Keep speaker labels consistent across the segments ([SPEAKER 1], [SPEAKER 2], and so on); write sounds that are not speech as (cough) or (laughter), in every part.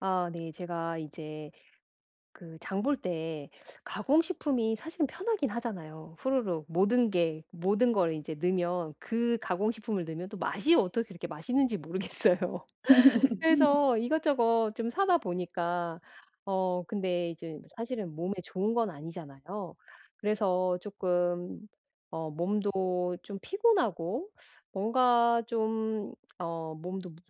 [SPEAKER 1] 아 네. 제가 이제 그 장 볼 때 가공식품이 사실은 편하긴 하잖아요. 후루룩. 모든 게 모든 거를 이제 넣으면 그 가공식품을 넣으면 또 맛이 어떻게 그렇게 맛있는지 모르겠어요.
[SPEAKER 2] (laughs)
[SPEAKER 1] 그래서 이것저것 좀 사다 보니까 어 근데 이젠 사실은 몸에 좋은 건 아니잖아요. 그래서 조금 어 몸도 좀 피곤하고 뭔가 좀 어 몸도 모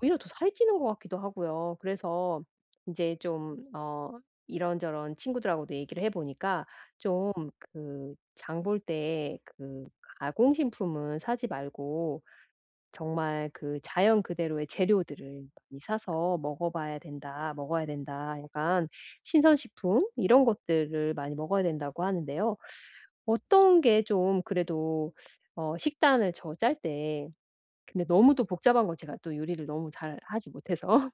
[SPEAKER 1] 오히려 더 살이 찌는 것 같기도 하고요. 그래서 이제 좀 어 이런저런 친구들하고도 얘기를 해 보니까 좀 그 장 볼 때 그 가공식품은 사지 말고 정말 그 자연 그대로의 재료들을 많이 사서 먹어 봐야 된다 먹어야 된다 약간 "신선 식품 이런 것들을 많이 먹어야 된다."고 하는데요. 어떤 게 좀 그래도 어 식단을 저 짤 때 근데 너무 또 복잡한 거 제가 또 요리를 너무 잘하지 못해서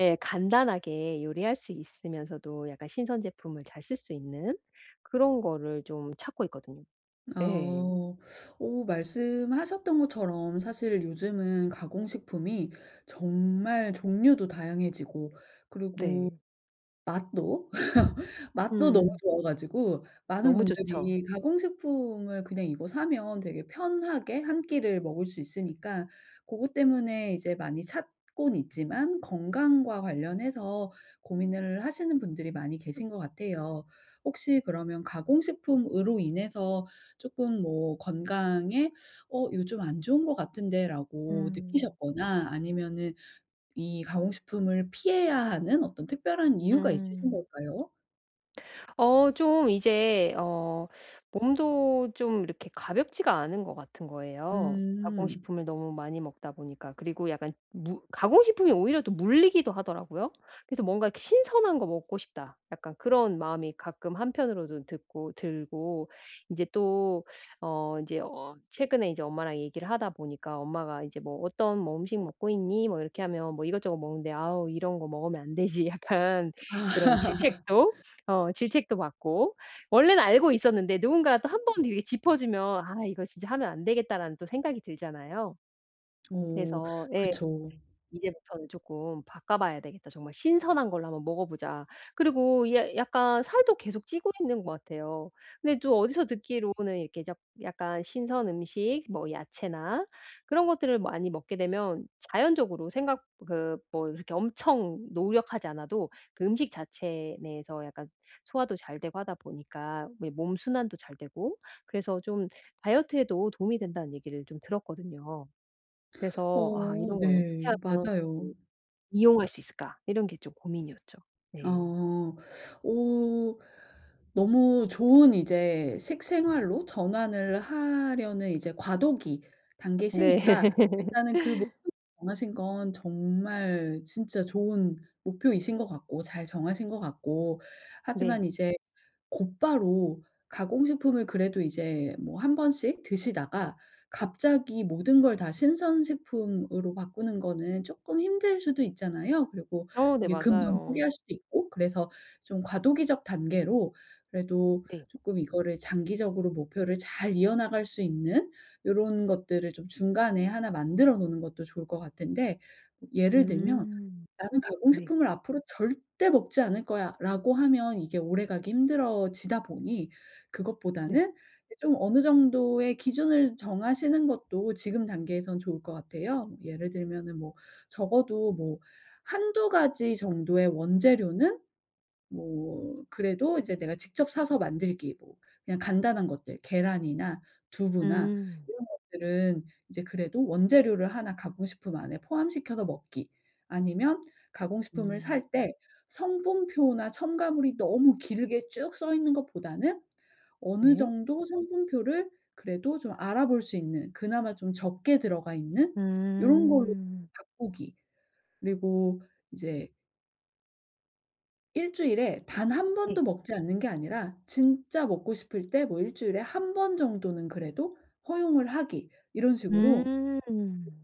[SPEAKER 1] 예 간단하게 요리할 수 있으면서도 약간 신선 제품을 잘 쓸 수 있는 그런 거를 좀 찾고 있거든요. 예.
[SPEAKER 2] 어. 어 말씀하셨던 것처럼 사실 요즘은 가공식품이 정말 종류도 다양해지고 그리고
[SPEAKER 1] 네.
[SPEAKER 2] 맛도, (laughs) 맛도 너무
[SPEAKER 1] 음.
[SPEAKER 2] 좋아 가지고 많은
[SPEAKER 1] 너무 좋죠.
[SPEAKER 2] 분들이 가공식품을 그냥 이거 사면 되게 편하게 1 끼를 먹을 수 있으니까 고것 때문에 이제 많이 찾곤 있지만 건강과 관련해서 고민을 하시는 분들이 많이 계신 것 같아요. 혹시 그러면 가공식품으로 인해서 조금 뭐 건강에 어 요 '좀 안 좋은 것 같은 데?'라고
[SPEAKER 1] 음.
[SPEAKER 2] 느끼셨거나 아니면은 이 가공식품을 피해야 하는 어떤 특별한 이유가 있으신
[SPEAKER 1] 음.
[SPEAKER 2] 걸까요?
[SPEAKER 1] 어 좀 이제 어 (sucks teeth) 몸도 좀 이렇게 가볍지가 않은 것 같은 거예요, 가공
[SPEAKER 2] 음.
[SPEAKER 1] 식품을 너무 많이 먹다 보니까. 그리고 약간 무 가공 식품이 오히려 더 물리기도 하더라고요. 그래서 '뭔가 이렇게 신선한 거 먹고 싶다.' 약간 그런 마음이 가끔 한편으로도 듣고 들고 인제 또 어 인제 어 최근에 이제 엄마랑 얘기를 하다 보니까 엄마가 이제 "뭐 어떤 뭐 음식 먹고 있니?" 뭐 이렇게 하면 "뭐 이것저것 먹는데." "아우. 이런 거 먹으면 안 되지." 약간 그런
[SPEAKER 2] (laughs)
[SPEAKER 1] 질책도 어 질책도 받고. 원래는 알고 있었는데 누군가가 또 한번 이렇게 짚어 주면 '아. 이거 진짜 하면 안 되겠다.'라는 또 생각이 들잖아요.
[SPEAKER 2] 어.
[SPEAKER 1] 그래서 예.
[SPEAKER 2] 그쵸.
[SPEAKER 1] '이제부터는 쪼끔 바꿔봐야 되겠다. 정말 신선한 걸로 한번 먹어보자.' 그리고 이 야 약간 살도 계속 찌고 있는 것 같아요. 근데 또 어디서 듣기로는 이렇게 약 약간 신선 음식 뭐 야채나 그런 것들을 많이 먹게 되면 자연적으로 생각 그 뭐 이렇게 엄청 노력하지 않아도 그 음식 자체 내에서 약간 소화도 잘 되고 하다 보니까 왜 몸 순환도 잘 되고 그래서 좀 다이어트에도 도움이 된다는 얘기를 좀 들었거든요. 그래서 '아.
[SPEAKER 2] 어
[SPEAKER 1] 이런 걸
[SPEAKER 2] 네.
[SPEAKER 1] 어떻게 하면
[SPEAKER 2] 맞아요.
[SPEAKER 1] (unintelligible) 이용할 수 있을까?' 이런 게 좀 고민이었죠.
[SPEAKER 2] 어.
[SPEAKER 1] 네.
[SPEAKER 2] 어. 너무 좋은 이제 식생활로 전환을 하려는 이제 과도기
[SPEAKER 1] 네.
[SPEAKER 2] 단계시니까 일단은 그 목표를 정하신 건 정말 진짜 좋은 목표이신 것 같고 잘 정하신 것 같고
[SPEAKER 1] 네.
[SPEAKER 2] 하지만 이제 곧바로 가공 식품을 그래도 이제 뭐 1 번씩 드시다가 갑자기 모든 걸 다 신선 식품으로 바꾸는 거는 쪼끔 힘들 수도 있잖아요. 그리고
[SPEAKER 1] 어 네
[SPEAKER 2] 이게 금방
[SPEAKER 1] 맞아요.
[SPEAKER 2] 포기할 수도 있고 그래서 좀 과도기적 단계로 그래도
[SPEAKER 1] 네.
[SPEAKER 2] 쪼끔 이거를 장기적으로 목표를 잘 이어 나갈 수 있는 요런 것들을 좀 중간에 1 만들어 놓는 것도 좋을 것 같은데 예를 들면
[SPEAKER 1] 음.
[SPEAKER 2] '나는 가공
[SPEAKER 1] 네.
[SPEAKER 2] 식품을 앞으로 절대 먹지 않을 거야.'라고 하면 이게 오래 가기 힘들어지다 보니
[SPEAKER 1] 네.
[SPEAKER 2] 그것보다는 이제 좀 어느 정도의 기준을 정하시는 것도 지금 단계에선 좋을 것 같아요. 예를 들면은 뭐 적어도 뭐 1-2 가지 정도의 원재료는 뭐 그래도 이제 내가 직접 사서 만들기, 뭐 그냥 간단한 것들, 계란이나 두부나
[SPEAKER 1] 음.
[SPEAKER 2] 이런 것들은 이제 그래도 원재료를 1 가공 식품 안에 포함시켜서 먹기, 아니면 가공 식품을
[SPEAKER 1] 음.
[SPEAKER 2] 살 때 성분표나 첨가물이 너무 길게 쭉 써 있는 것보다는 어느
[SPEAKER 1] 네.
[SPEAKER 2] 정도 성분표를 그래도 좀 알아볼 수 있는 그나마 좀 적게 들어가 있는 요런 걸로
[SPEAKER 1] 음.
[SPEAKER 2] 바꾸기, 그리고 이제 일주일에 단 한 번도
[SPEAKER 1] 네.
[SPEAKER 2] 먹지 않는 게 아니라 진짜 먹고 싶을 때 뭐 '1 주일에 1 번 정도는 그래도 허용을 하기.' 이런 식으로
[SPEAKER 1] 음.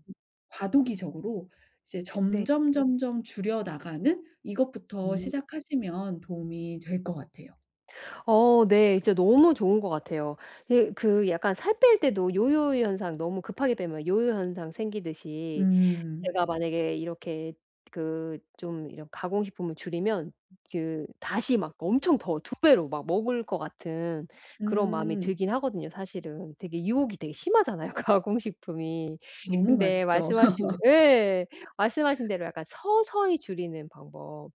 [SPEAKER 2] 과도기적으로 이제
[SPEAKER 1] 네.
[SPEAKER 2] 점점 점점 줄여나가는 이것부터
[SPEAKER 1] 음.
[SPEAKER 2] 시작하시면 도움이 될 것 같아요.
[SPEAKER 1] 어 네. 진짜 너무 좋은 것 같아요. 으 그 약간 살 뺄 때도 요요현상 너무 급하게 빼면 요요현상 생기듯이
[SPEAKER 2] 음.
[SPEAKER 1] 제가 만약에 이렇게 그 좀 이런 가공식품을 줄이면 그 다시 막 엄청 더 2 배로 막 먹을 것 같은 그런 마음이
[SPEAKER 2] 음.
[SPEAKER 1] 들긴 하거든요 사실은. 되게 유혹이 되게 심하잖아요 가공식품이.
[SPEAKER 2] 너무
[SPEAKER 1] 근데
[SPEAKER 2] 맛있죠.
[SPEAKER 1] 말씀하신
[SPEAKER 2] (laughs)
[SPEAKER 1] 예. 말씀하신 대로 약간 서서히 줄이는 방법.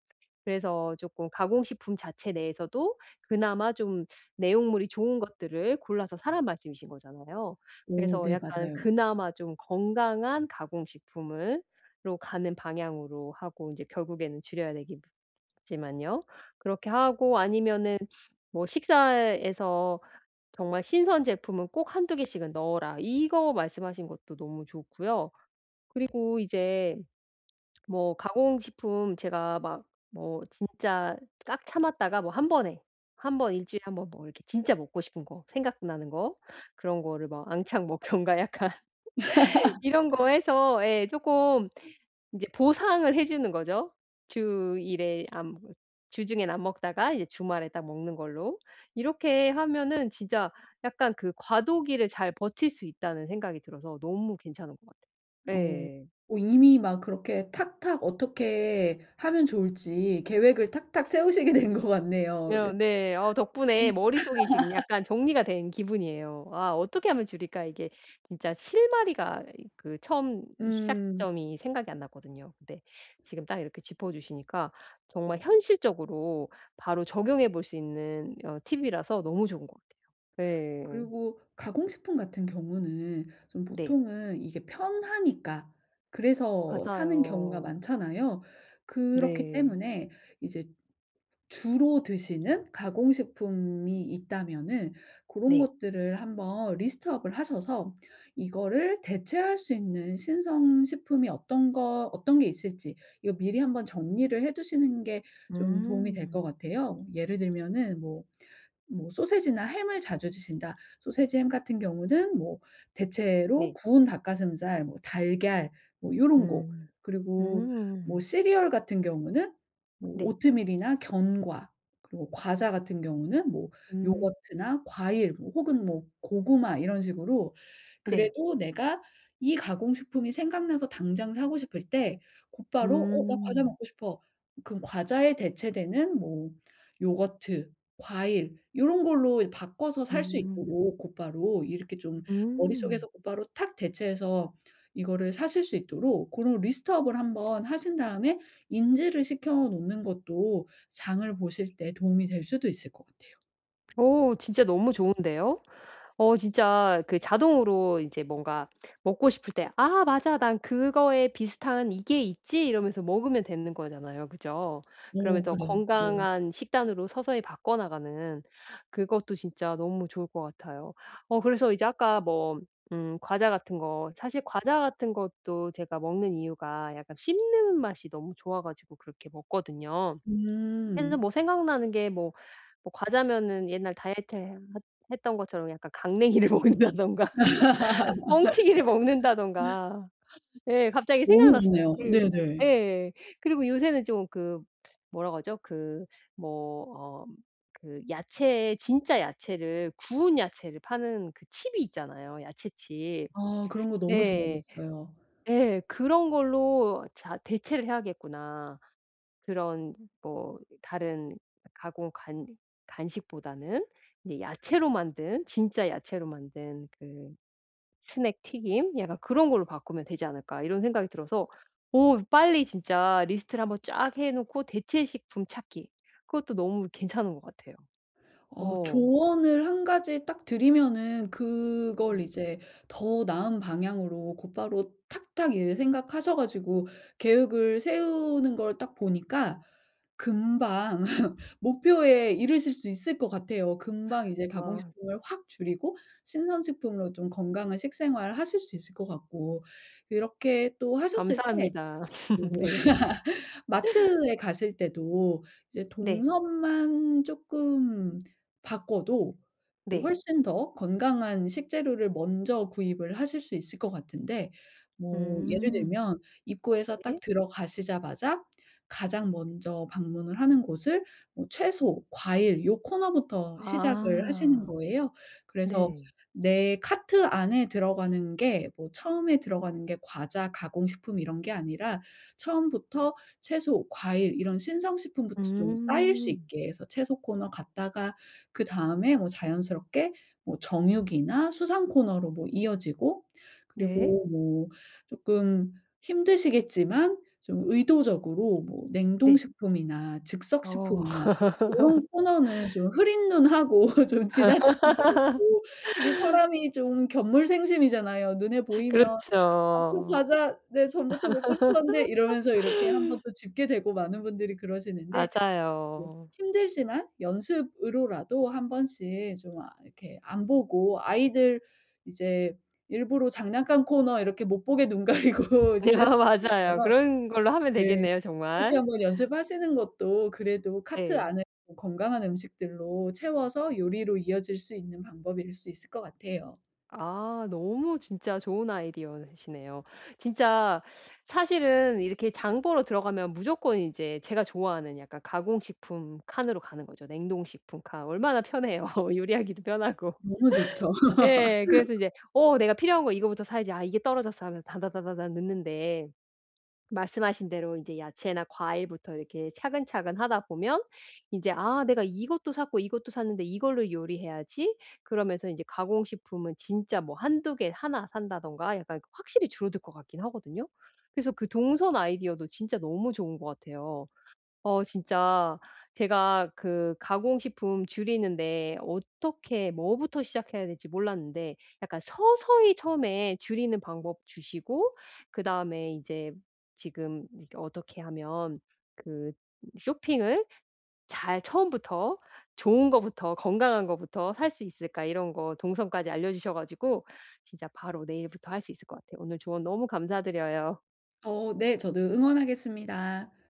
[SPEAKER 1] 그래서 조금 가공식품 자체 내에서도 그나마 좀 내용물이 좋은 것들을 골라서 사란 말씀이신 거잖아요.
[SPEAKER 2] 오
[SPEAKER 1] 그래서
[SPEAKER 2] 네
[SPEAKER 1] 약간
[SPEAKER 2] 맞아요.
[SPEAKER 1] 그나마 좀 건강한 가공식품을 로 가는 방향으로 하고 이제 결국에는 줄여야 되겠지만요. 그렇게 하고 아니면은 뭐 식사에서 정말 "신선 제품은 꼭 1-2 개씩은 넣어라." 이거 말씀하신 것도 너무 좋고요. 그리고 이제 (smacks lips) 뭐 가공식품 제가 막 뭐 진짜 딱 참았다가 뭐 한번에, 1 번. 1 주일에 1 번 뭐 이렇게 진짜 먹고 싶은 거 생각나는 거 그런 거를 막 왕창 먹던가 약간 (laughs) 이런 거
[SPEAKER 2] (laughs)
[SPEAKER 1] 해서 예 쪼끔 이제 보상을 해주는 거죠. 주 1 회 안 주중엔 안 먹다가 이제 주말에 딱 먹는 걸로 이렇게 하면은 진짜 약간 그 '과도기를 잘 버틸 수 있다.'는 생각이 들어서 너무 괜찮은 것 같아요.
[SPEAKER 2] 어.
[SPEAKER 1] 예.
[SPEAKER 2] 어 이미 막 그렇게 탁탁 어떻게 하면 좋을지 계획을 탁탁 세우시게 된 것 같네요.
[SPEAKER 1] 어
[SPEAKER 2] (unintelligible)
[SPEAKER 1] 네. 어 덕분에
[SPEAKER 2] 음.
[SPEAKER 1] 머릿속이 지금
[SPEAKER 2] (laughs)
[SPEAKER 1] 약간 정리가 된 기분이에요. '아 어떻게 하면 줄일까?' 이게 진짜 실마리가 이 그 처음
[SPEAKER 2] 음.
[SPEAKER 1] 시작점이 생각이 안 났거든요. 근데 지금 딱 이렇게 짚어주시니까 정말 현실적으로 바로 적용해 볼 수 있는 어 팁이라서 너무 좋은 것 같아요. 예.
[SPEAKER 2] 그리고 가공식품 같은 경우는 좀
[SPEAKER 1] 네.
[SPEAKER 2] 보통은 이게 편하니까 그래서 사는 경우가
[SPEAKER 1] 맞아요.
[SPEAKER 2] 많잖아요. 그렇기
[SPEAKER 1] 네.
[SPEAKER 2] 때문에 이제 주로 드시는 가공식품이 있다면은 고런
[SPEAKER 1] 네.
[SPEAKER 2] 것들을 한번 list up을 하셔서 이거를 대체할 수 있는 신선 식품이 어떤 거 어떤 게 있을지 이거 미리 한번 정리를 해두시는 게 좀 도움이 될 것
[SPEAKER 1] 음.
[SPEAKER 2] 같아요. 예를 들면은 뭐, 뭐 소시지나 햄을 자주 드신다 소시지 햄 같은 경우는 뭐 대체로
[SPEAKER 1] 네.
[SPEAKER 2] 구운 닭 가슴살 뭐 달걀 뭐 요런 거.
[SPEAKER 1] 음.
[SPEAKER 2] 그리고 뭐
[SPEAKER 1] 음.
[SPEAKER 2] 시리얼 같은 경우는 뭐
[SPEAKER 1] 네.
[SPEAKER 2] 오트밀이나 견과 그리고 과자 같은 경우는 뭐
[SPEAKER 1] 음.
[SPEAKER 2] 요거트나 과일 뭐 혹은 뭐 고구마 이런 식으로
[SPEAKER 1] 네.
[SPEAKER 2] 그래도 내가 이 가공식품이 생각나서 당장 사고 싶을 때 곧바로 "어 나 과자
[SPEAKER 1] 음.
[SPEAKER 2] 먹고 싶어." 그럼 과자에 대체되는 뭐 요거트 과일 요런 걸로 바꿔서 살 수
[SPEAKER 1] 음.
[SPEAKER 2] 있도록 곧바로 이렇게 좀
[SPEAKER 1] 음.
[SPEAKER 2] 머릿속에서 곧바로 탁 대체해서 이거를 사실 수 있도록 고런 list up을 한번 하신 다음에 인지를 시켜 놓는 것도 장을 보실 때 도움이 될 수도 있을 것 같아요.
[SPEAKER 1] 어 진짜 너무 좋은데요? 어 진짜 그 자동으로 이제 뭔가 먹고 싶을 때 ‘아 맞아. 난 그거에 비슷한 이게 있지.‘ 이러면서 먹으면 되는 거잖아요. 그죠?
[SPEAKER 2] 어
[SPEAKER 1] 그러면서
[SPEAKER 2] 그래요. 맞아요.
[SPEAKER 1] 건강한 식단으로 서서히 바꿔나가는 그것도 진짜 너무 좋을 것 같아요. 어 그래서 이제 아까 뭐 음 과자 같은 거, 사실 과자 같은 것도 제가 먹는 이유가 약간 씹는 맛이 너무 좋아 가지고 그렇게 먹거든요. 해서
[SPEAKER 2] 음.
[SPEAKER 1] 뭐 생각나는 게 뭐, 뭐 과자면은 옛날 다이어트 해 했 했던 것처럼 약간 강냉이를 먹는다든가 뻥튀기를
[SPEAKER 2] (laughs)
[SPEAKER 1] 먹는다든가 예 갑자기
[SPEAKER 2] 너무
[SPEAKER 1] 생각났어요.
[SPEAKER 2] 좋네요.
[SPEAKER 1] 그리고
[SPEAKER 2] 네네.
[SPEAKER 1] 예예예. 그리고 요새는 좀 그 뭐라고 하죠? 그 뭐 어 그 야채에 진짜 야채를 구운 야채를 파는 그 칩이 있잖아요 야채 칩
[SPEAKER 2] 아 그런 거 너무
[SPEAKER 1] 예
[SPEAKER 2] 좋아졌어요.
[SPEAKER 1] 예 ‘그런 걸로 자 대체를 해야겠구나.‘ 그런 뭐 다른 가공 간 간식보다는 이 야채로 만든 진짜 야채로 만든 그 스낵 튀김? 약간 ‘그런 걸로 바꾸면 되지 않을까.‘ 이런 생각이 들어서 어 빨리 진짜 리스트를 한번 쫙 해놓고 대체 식품 찾기 그것도 너무 괜찮은 것 같아요.
[SPEAKER 2] 어
[SPEAKER 1] 어.
[SPEAKER 2] 조언을 1 가지 딱 드리면은 그걸
[SPEAKER 1] 네.
[SPEAKER 2] 이제 더 나은 방향으로 곧바로 탁탁 이제 생각하셔 가지고 계획을 세우는 걸 딱 보니까 금방 (laughs) 목표에 이르실 수 있을 것 같아요. 금방 이제
[SPEAKER 1] 아.
[SPEAKER 2] 가공식품을 확 줄이고 신선식품으로 좀 건강한 식생활 하실 수 있을 것 같고. 이렇게 또 하셨을 때
[SPEAKER 1] 감사합니다. (laughs)
[SPEAKER 2] 뭐
[SPEAKER 1] 네.
[SPEAKER 2] (laughs) 마트에 가실 때도 이제
[SPEAKER 1] 네.
[SPEAKER 2] 동선만 쪼끔 바꿔도 이
[SPEAKER 1] 네.
[SPEAKER 2] 훨씬 더 건강한 식재료를 먼저 구입을 하실 수 있을 것 같은데 뭐 예를
[SPEAKER 1] 음.
[SPEAKER 2] 들면 입구에서 딱
[SPEAKER 1] 네.
[SPEAKER 2] 들어가시자마자 가장 먼저 방문을 하는 곳을 뭐 채소, 과일 요 코너부터 시작을 하시는
[SPEAKER 1] 아.
[SPEAKER 2] 거예요. 그래서
[SPEAKER 1] 네.
[SPEAKER 2] 내 카트 안에 들어가는 게 뭐 처음에 들어가는 게 과자, 가공식품 이런 게 아니라 처음부터 채소, 과일 이런 신선식품부터 좀 쌓일 수
[SPEAKER 1] 음.
[SPEAKER 2] 있게 해서 채소 코너 갔다가 그다음에 뭐 자연스럽게 뭐 정육이나 수산 코너로 뭐 이어지고
[SPEAKER 1] 네.
[SPEAKER 2] 그리고 뭐 쪼끔 힘드시겠지만 좀 의도적으로 뭐
[SPEAKER 1] 네.
[SPEAKER 2] 냉동식품이나
[SPEAKER 1] 어.
[SPEAKER 2] 즉석식품이나 요런 코너는
[SPEAKER 1] (laughs)
[SPEAKER 2] 좀 흐린 눈 하고 좀 지나치시는 것도 이게
[SPEAKER 1] (laughs)
[SPEAKER 2] 사람이 좀 견물생심이잖아요. 눈에 보이면 ‘아 저
[SPEAKER 1] 그렇죠.
[SPEAKER 2] 과자 네 전부터 먹고 싶었는데.‘ 이러면서 이렇게 한번
[SPEAKER 1] (laughs)
[SPEAKER 2] 또 집게 되고 많은 분들이 그러시는데 네
[SPEAKER 1] 맞아요.
[SPEAKER 2] 힘들지만 연습으로라도 한번씩 좀 아 이렇게 안 보고 아이들 이제 일부러 장난감 코너 이렇게 못 보게 눈 가리고
[SPEAKER 1] (laughs)
[SPEAKER 2] 지나치는
[SPEAKER 1] 맞아요.
[SPEAKER 2] 것처럼
[SPEAKER 1] 그런 걸로 하면
[SPEAKER 2] 네
[SPEAKER 1] 되겠네요
[SPEAKER 2] 요렇게
[SPEAKER 1] 정말.
[SPEAKER 2] 한번 연습하시는 것도 그래도 카트
[SPEAKER 1] 네.
[SPEAKER 2] 안에 뭐 건강한 음식들로 채워서 요리로 이어질 수 있는 방법일 수 있을 것 같아요.
[SPEAKER 1] 아 너무 진짜 좋은 아이디어시네요. 진짜 사실은 이렇게 장 보러 들어가면 무조건 이제 제가 좋아하는 약간 가공식품 칸으로 가는 거죠. 냉동식품 칸 얼마나 편해요. 요리하기도 편하고.
[SPEAKER 2] 너무 좋죠.
[SPEAKER 1] (laughs) 예 그래서
[SPEAKER 2] (laughs)
[SPEAKER 1] 이제 “어 내가 필요한 거 이거부터 사야지. 아 이게 떨어졌어.“ 하면서 다다다다다 넣는데 말씀하신 대로 이제 야채나 과일부터 이렇게 차근차근 하다 보면 이제 ‘아 내가 이것도 샀고 이것도 샀는데 이걸로 요리해야지.‘ 그러면서 이제 가공식품은 진짜 뭐 1-2 개 1 산다던가 약간 그 확실히 줄어들 것 같긴 하거든요. 그래서 그 동선 아이디어도 진짜 너무 좋은 것 같아요. 어 진짜 제가 그 가공식품 줄이는 데 어떻게 뭐부터 시작해야 될지 몰랐는데 약간 서서히 처음에 줄이는 방법 주시고 그다음에 이제 지금 이 ‘어떻게 하면 그 쇼핑을 잘 처음부터, 좋은 것부터, 건강한 것부터 살 수 있을까.‘ 이런 것 동선까지 알려주셔 가지고 진짜 바로 내일부터 할 수 있을 것 같아요. 오늘 조언 너무 감사드려요.
[SPEAKER 2] 어 네. 저도 응원하겠습니다.